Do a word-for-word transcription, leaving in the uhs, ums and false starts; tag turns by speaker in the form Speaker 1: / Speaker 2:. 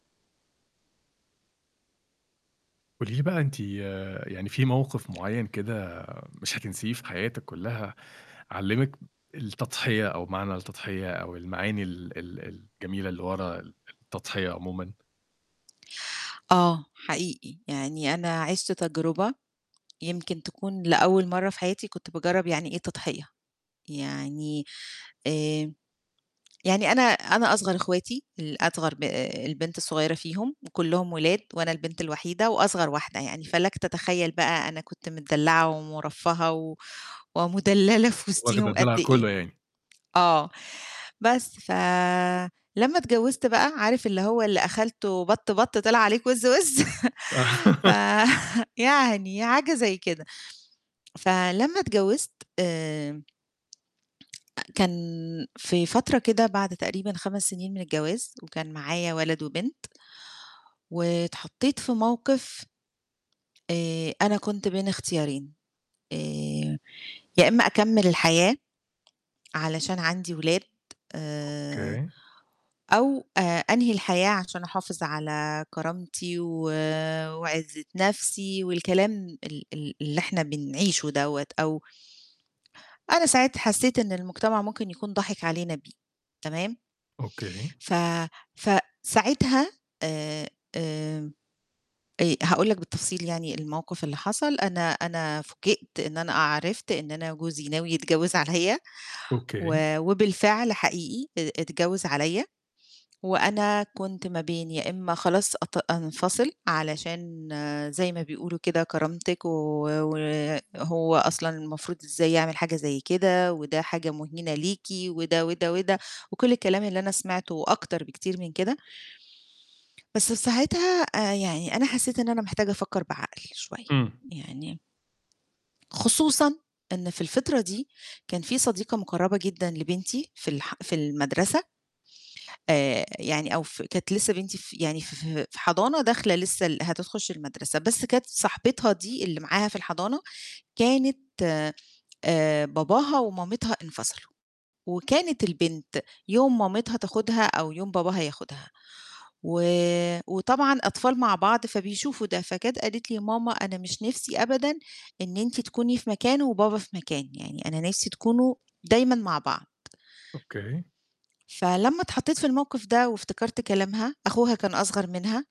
Speaker 1: قولي لي بقى أنتِ يعني فيه موقف معين كده مش هتنسيه في حياتِك كُلّها، علِّمِك التضحية أو معنى التضحية أو المعاني ال ال الجميلة اللي ورا التضحية عمومًا؟
Speaker 2: آه، حقيقي. يعني أنا عِشت تجربة يمكن تكون لأول مرة في حياتي كنت باجرَّب يعني إيه تضحية، يعني آآ يعني أنا أنا أصغر أخواتي، الأصغر ب آآ البنت الصغيرة فيهم، وكُلّهم ولاد وأنا البنت الوحيدة وأصغر واحدة يعني، فلكَ تتخيل بقى أنا كنت متدلعة ومُرفهة و ومدللة في
Speaker 1: واخدة
Speaker 2: وسطيهم قد
Speaker 1: الدلع
Speaker 2: إيه
Speaker 1: كُلّه يعني.
Speaker 2: آه. بس، فلمّا اتجوزت بقى، عارف اللي هو اللي أخلتُه بَط بَط طِلِع عليك وِز وِز، ف يعني حاجة زي كده، فلمَا اتجوزت آمم كان في فترة كده بعد تقريبًا خَمَس سنين من الجواز وكان معايا ولد وبنت واتحطيت في موقف آآ أنا كنت بين اختيارين، آآ يا إمّا أكمِّل الحياة علشان عندي ولاد آآ
Speaker 1: أوكي.
Speaker 2: أو آآ أنهي الحياة عشان أحافظ على كرامتي و وعِزة نفْسي والكلام ال ال اللي إحنا بنعيشه دوّة أو أنا ساعِتها حسيّت إن المجتمع ممكن يكون ضاحِك علينا بيه، تمام.
Speaker 1: أوكي.
Speaker 2: ف فساعتها آآ آآ آآ هاقول لك بالتفصيل يعني الموقف اللي حصَل؛ أنا أنا فوجئت إن أنا أ عرِفت إن أنا جوزي ناوي يتجوز عليَّ
Speaker 1: أوكي.
Speaker 2: و وبالفعل حقيقي ا اتجوز عليَّ، وأنا كنت ما بين يا إمّا خلاص أط أنفصِل علشان زي ما بيقولوا كده كرامتِك و وهو أصلًا المفروض إزاي يعمل حاجة زي كده وده حاجة مهينة ليكِ وده، وده، وده وكل الكلام اللي أنا سمعته وأكتر بكتير من كده. بس في ساعتها آآ يعني أنا حسيت إن أنا محتاجة أفكر بعقل شوية،
Speaker 1: إمم.
Speaker 2: يعني خصوصًا إن في الفترة دي كان فيه صديقة مُقرَّبة جدًا لبنتي في الح في المَدرسة. آآ يعني أو في كانت لسه بنتي في يعني ف في حضانة داخلة لسه ال هتخش المَدرسة، بس كانت صاحبتها دي اللي معاها في الحضانة كانت آآ باباها ومامتها انفصلوا، وكانت البنت يوم مامتها تاخدها أو يوم باباها ياخدها، و وطبعًا أطفال مع بعض فبيشوفوا ده، فجات قالت لي: "يا ماما، أنا مش نفْسي أبدًا إن أنتِ تكوني في مكان وبابا في مكان، يعني أنا نفْسي تكونوا دايمًا مع بعض.".
Speaker 1: أوكي.
Speaker 2: فلمّا اتحطيت في الموقف ده وافتكرت كلامها، أخوها كان أصغر منها